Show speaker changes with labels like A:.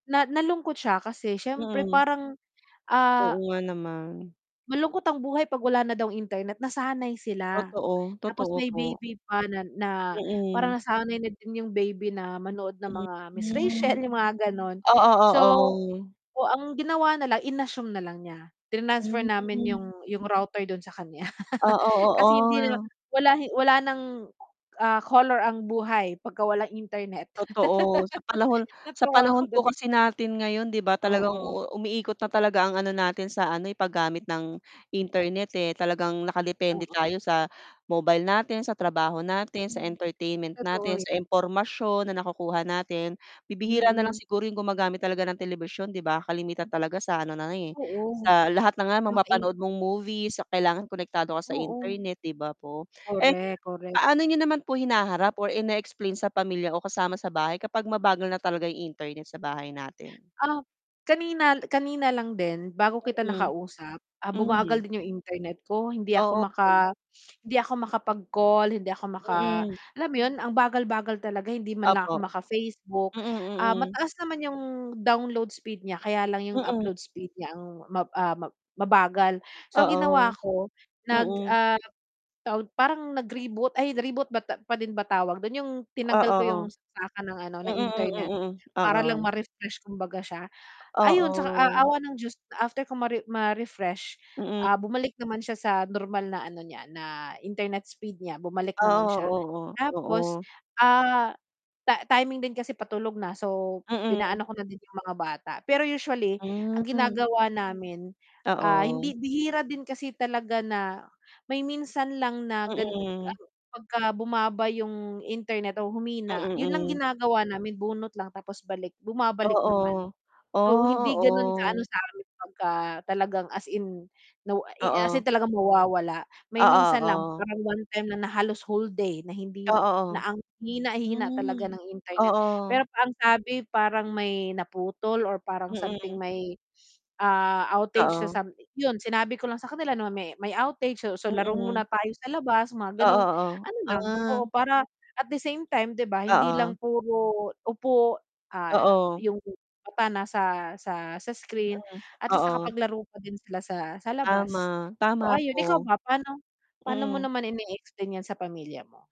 A: Na nalungkot siya kasi syempre
B: Mm.
A: parang
B: Oo
A: ah
B: nga nama.
A: Malungkot ang buhay 'pag wala na daw internet, nasanay sila.
B: Totoo,
A: Tapos
B: totoo
A: may
B: po.
A: baby pa na na
B: Mm.
A: parang nasanay na din yung baby na manood ng mga Miss Rachel
B: Mhm.
A: yung mga ganon.
B: Oo
A: So,
B: oo.
A: oh, ginawa nalang in-assume nalang niya trinansfer namin
B: Hmm.
A: yung yung router dun sa kanya.
B: Oo
A: Kasi hindi na
B: oo.
A: wala hi wala ng, ah, color ang buhay pagka walang internet.
B: Totoo. Sa panahon sa
A: Natuwa
B: panahon
A: ako
B: po
A: dun.
B: kasi natin ngayon, di ba, talagang
A: Oo.
B: umiikot na talaga ang ano natin sa ano eh, paggamit ng internet eh, talagang nakadepende
A: Oo.
B: tayo sa mobile natin sa, trabaho natin, sa
A: Mm,
B: entertainment
A: totoo
B: natin,
A: yu
B: sa impormasyon na nakukuha natin, bibihira na lang
A: Mm.
B: siguro yung gumagamit talaga ng telebisyon, 'di ba, kalimitan talaga sa ano na lang eh,
A: Oo,
B: sa lahat na nga yung
A: yung kain
B: mapapanood mong movie sa kailangan konektado ka sa
A: Oo.
B: internet, di ba po. Eh,
A: Correct, correct.
B: paano niyo naman po hinaharap or in-explain sa pamilya o kasama sa bahay kapag mabagal na talaga ang internet sa bahay natin?
A: Ah kanina kanina lang din bago kita
B: Mm.
A: nakausap, ah, bumagal
B: Mhm.
A: din yung internet ko, hindi ako
B: O, okay.
A: maka hindi ako makapag-call hindi ako maka
B: Mm.
A: alam mo yun, ang bagal-bagal talaga hindi man lang ako
B: Opo.
A: maka-Facebook,
B: Mm
A: ah,
B: mm.
A: mataas naman yung download speed niya kaya lang yung
B: Mm.
A: upload speed niya ang ma, ah, ma mabagal. So ang ginawa
B: Oo.
A: ko nag,
B: Mm.
A: ah, tawag, parang nag-reboot ay reboot ba ta pa din ba tawag dun yung
B: O,
A: tinanggal ko
B: oo.
A: yung saksakan ng ano, ng
B: Mm, mm
A: internet
B: mm,
A: para lang
B: oo.
A: ma-refresh kumbaga siya. Ayon sa a
B: Oo.
A: awa ng Diyos, after kung mare ma-refresh,
B: Mm.
A: ah, bumalik naman siya sa normal na ano niya, na internet speed niya bumalik naman siya.
B: Oo, oo,
A: Tapos,
B: oo.
A: ah, ta timing din kasi patulog na so
B: Mm.
A: pinaano ko na din yung mga bata. Pero usually ang
B: Hmm.
A: ginagawa namin, ah, hindi
B: Oo.
A: bihira din kasi talaga na may minsan lang na gan
B: Mm.
A: ano, pagka bumaba yung internet o humina
B: Mm,
A: yun lang
B: mm.
A: ginagawa namin bunot lang tapos balik, bumabalik naman.
B: Oo.
A: So
B: Oh,
A: hindi ganon ka ano
B: oo.
A: sa'min pagka talagang as in, no, i as in
B: Oo.
A: talagang mawawala. May
B: Oo
A: minsan lang
B: oo.
A: parang one-time na na halos whole day na hindi
B: Oo,
A: na ang hina hina talaga
B: hmm
A: ng internet
B: oo.
A: pero ang sabi parang may naputol or parang something
B: Mm.
A: may, ah, outage sa
B: Oo.
A: sam yun sinabi ko lang sa kanila name may may outage so so laro
B: Mm.
A: muna tayo sa labas mga
B: Oo,
A: ganong
B: oo,
A: ano lang, oo.
B: ah.
A: Para at the same time di ba hindi
B: Oo.
A: lang puro upo, ah,
B: Oo.
A: yung mata nasa sa sa screen
B: Mm
A: at least
B: oo.
A: nakapaglaro pa din sila sa sa labas.
B: Tama,
A: So
B: tama
A: ayon. Ikaw
B: po.
A: ba, paano paano mo
B: Mm.
A: naman in explain yan sa pamilya mo?